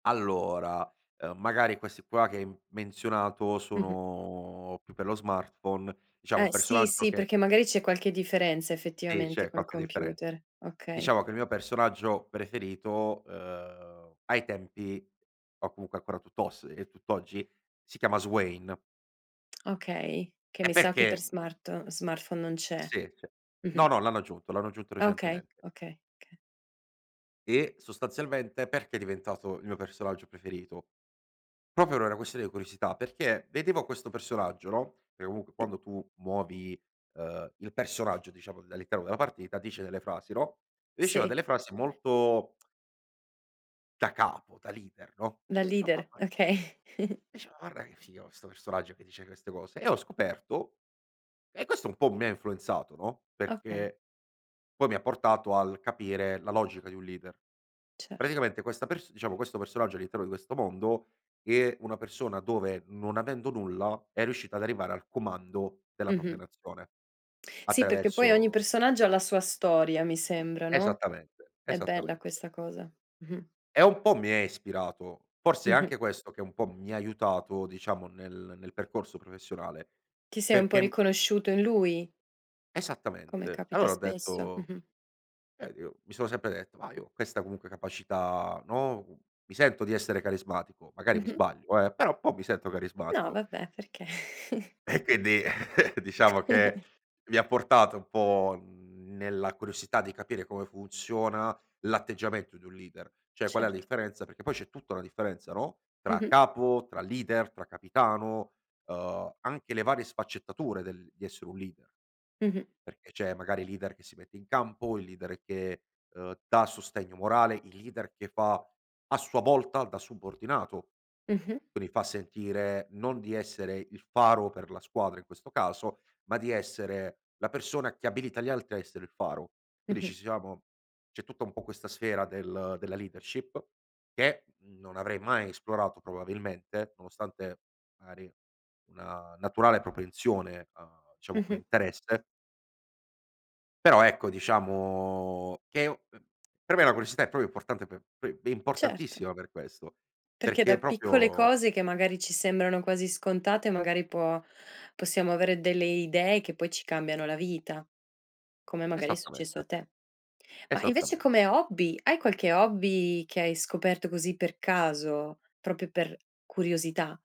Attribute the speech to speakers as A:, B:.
A: Allora, uhm, magari questi qua che hai m menzionato
B: Mh-mh.
A: sono più per lo smartphone, diciamo un
B: Eh sì,
A: personaggio
B: sì,
A: che
B: perché magari c'è qualche differenza
A: Sì,
B: effettivamente
A: c'è
B: col
A: qualche differenza.
B: computer, okay.
A: Diciamo che il mio personaggio preferito, uhm, ai tempi o comunque ancora tutt'oss e tutt'oggi si chiama Swain.
B: Okay, che
A: E
B: mi sa che per
A: perché?
B: smart smartphone non c'è.
A: Sì, cioè no,
B: Mh-mh.
A: no, l'hanno aggiunto, l'hanno aggiunto
B: Ah, okay,
A: recentemente.
B: okay, oka
A: E sostanzialmente, perché è diventato il mio personaggio preferito? Proprio per una questione di curiosità, perché vedevo questo personaggio, no, perché comunque
B: Sì.
A: quando tu muovi, uhm, il personaggio diciamo dall'interno della partita dice delle frasi, no? Diceva
B: Sì.
A: delle frasi molto da capo, da leader, no?
B: Da
A: Dicevo: "Ma
B: leader,
A: ma"
B: okay.
A: Dice: "Guarda che figo questo personaggio che dice queste cose," e ho scoperto e questo un po' mi influenzato, no,
B: Okay.
A: perché poi mi ha portato al capire la logica di un leader.
B: Cer
A: Praticamente questa pers diciamo questo personaggio all'interno di questo mondo, è una persona dove non avendo nulla è riuscita ad arrivare al comando della propria
B: Mh-mh.
A: nazione
B: Sì, perché poi ogni
A: attraverso
B: personaggio ha la sua storia, mi sembra, no?
A: Esattamente,
B: È bella
A: esattamente.
B: questa cosa. Mh-mh.
A: E un po' mi è ispirato, forse è
B: Mh-mh.
A: anche questo che un po' mi ha aiutato diciamo nel nel percorso professionale,
B: Ti sei un po'
A: perché m
B: riconosciuto in lui come
A: Esattamente.
B: capita
A: Allora ho
B: spesso.
A: detto,
B: Mh-mh.
A: eh dico mi sono sempre detto: "Ma io ho questa comunque capacità no, uhm, mi sento di essere carismatico, magari mi
B: Mh-mh.
A: sbaglio eh, però un po' mi sento
B: No
A: carismatico".
B: vabbè, perché?
A: E quindi diciamo che mi ha portato un po' nella curiosità di capire come funziona, l'atteggiamento di un leader, cioè qual è la
B: Certo.
A: differenza perché poi c'è tutta una differenza, no, tra
B: Mh-mh.
A: capo, tra leader, tra capitano, uhm, anche le varie sfaccettature del di essere un leader,
B: Mh-mh.
A: perché c'è magari leader che si mette in campo, il leader che, uhm, dà sostegno morale, il leader che fa a sua volta da subordinato,
B: Mh-mh.
A: quindi fa sentire non di essere il faro per la squadra in questo caso, ma di essere la persona che abilita gli altri a essere il faro. Quindi
B: Mh-mh.
A: ci siamo c'è tutta un po' questa sfera del della leadership, che non avrei mai esplorato probabilmente nonostante magari una naturale propensione, uhm, diciamo come
B: Mh-mh.
A: interesse però ecco diciamo che è un uhm per me la curiosità è proprio importante per p è
B: Certo.
A: importantissima per questo,
B: Perché
A: perché
B: da piccole
A: proprio
B: cose che magari ci sembrano quasi scontate, magari può possiamo avere delle idee che poi ci cambiano la vita, come magari è successo
A: Esattamente.
B: a te. Ma invece
A: Esattamente.
B: come hobby, hai qualche hobby che hai scoperto così per caso, proprio per curiosità?